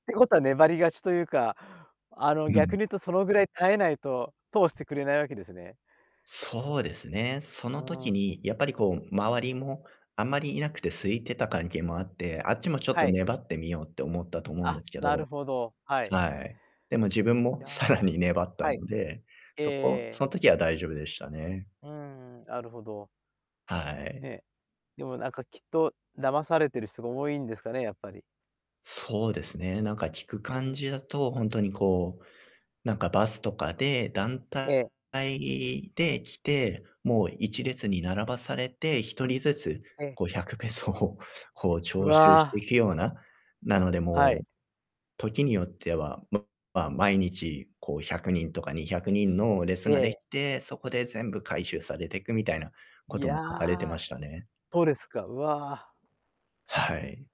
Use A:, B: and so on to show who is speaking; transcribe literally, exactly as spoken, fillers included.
A: てことは粘り勝ちというか、あの、
B: う
A: 逆
B: ん。
A: に言うとそのぐらい耐えないと通してくれないわけですね。
B: そうですね。そ
A: あ
B: の
A: あ
B: 時
A: ってか
B: に、
A: ん
B: やっぱりこう、周りもあんまりいなくて、空いてた関係もあって、あっちもちょっ
A: は
B: と
A: い。
B: 粘ってみようって思ったと思うんで
A: あ、
B: すけ
A: な
B: ど、
A: るほど、はい。
B: はい。でも自分
A: い
B: もさ
A: や。
B: らに粘った
A: はい。
B: ので、
A: ええ
B: そこ
A: え
B: そ
A: え。
B: の時は大丈夫でしたね。
A: うんうん、なるほど。
B: は
A: え
B: い。
A: え。でもなんか、きっと、騙されてる人が多いんですかね、やっぱり。
B: そうですね。なんか、聞く
A: う
B: 感
A: ん。
B: じだと、ほんとにこう、なんかバスとかで、団
A: ええ。
B: 体で来て、もう、いちれつに並ばされて、ひとりずつ、
A: ええ。
B: こう、ひゃくペソを、こう、
A: う
B: 徴収して
A: わ。
B: ひような、なので
A: は
B: も
A: い。
B: う、時によっては、ままあ、毎日、こう、ひゃくにんとかにひゃくにんの列
A: え
B: ができ
A: え。
B: て、そこで全部回収されてく、みたいなこ
A: い
B: とも書かれてま
A: や、
B: したね。
A: そうですか、うわ。
B: はい。